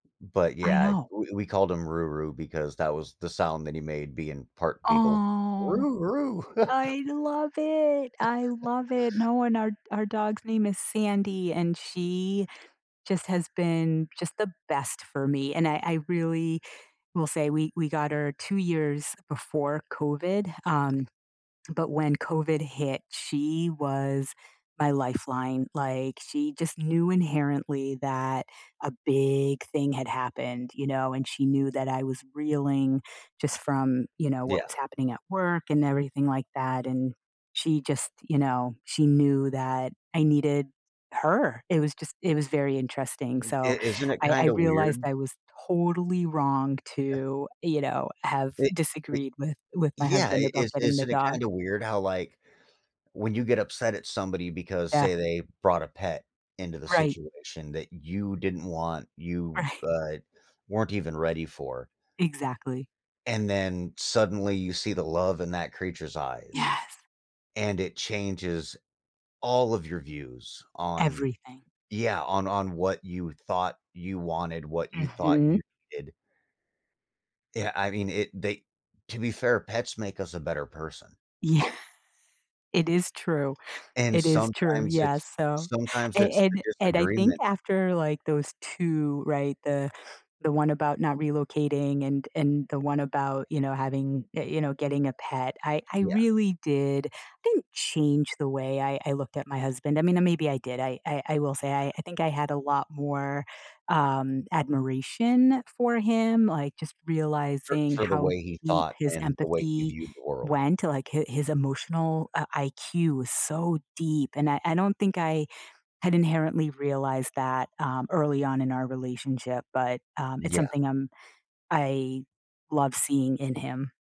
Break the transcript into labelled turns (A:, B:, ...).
A: But,
B: I
A: yeah,
B: know.
A: we we called him Roo Roo because that was the sound that he made being part beagle.
B: Aw.
A: Roo Roo.
B: I love it. I love it. No and our our dog's name is Sandy, and she just has been, just the best for me, and I I really will say we we got her 2 years before COVID, um, but when COVID hit, she was my lifeline, like, she just knew inherently that a big thing had happened, you know, and she knew that I was reeling just from, you know, what
A: Yeah.
B: was happening at work and everything like that, and she just, you know, she knew that I needed her. It was just it was very interesting, so
A: It Isn't it
B: I I
A: kinda
B: realized
A: weird?
B: I was totally wrong to, you know, have
A: It it
B: disagreed with with my
A: Yeah,
B: husband
A: it
B: about
A: is
B: getting the
A: isn't it
B: dog.
A: kinda weird how, like, when you get upset at somebody because,
B: Yeah.
A: say, they brought a pet into the
B: Right.
A: situation that you didn't want, you,
B: Right.
A: uh, weren't even ready for
B: Exactly.
A: and then suddenly you see the love in that creature's eyes,
B: Yes.
A: and it changes all of your views on
B: Everything.
A: Yeah, on on what you thought you wanted, what you thought
B: Mhm.
A: you did Yeah, I mean, it they To be fair, pets make us a better person.
B: Yeah. It is true.
A: And
B: It is true.
A: sometimes
B: Yes,
A: it's
B: so
A: sometimes
B: a
A: it's the
B: and and I think
A: disagreement.
B: after, like, those 2 Right, the the one about not relocating and and the one about, you know, having, y you know, getting a pet, I I
A: Yeah.
B: really did didn't change the way I I looked at my husband. I mean, uh, maybe I did, I I will say, I think I had a lot more, um, admiration for him, like, just
A: For
B: realizing
A: for the
B: how
A: way he
B: deep
A: thought
B: his
A: and the way he
B: empathy
A: viewed the world.
B: went to, like, hi his emotional, uh, IQ was so deep, and I I don't think I had inherently realized that, um, early on in our relationship, but, um, it's
A: Yeah.
B: something I'm I love seeing in him.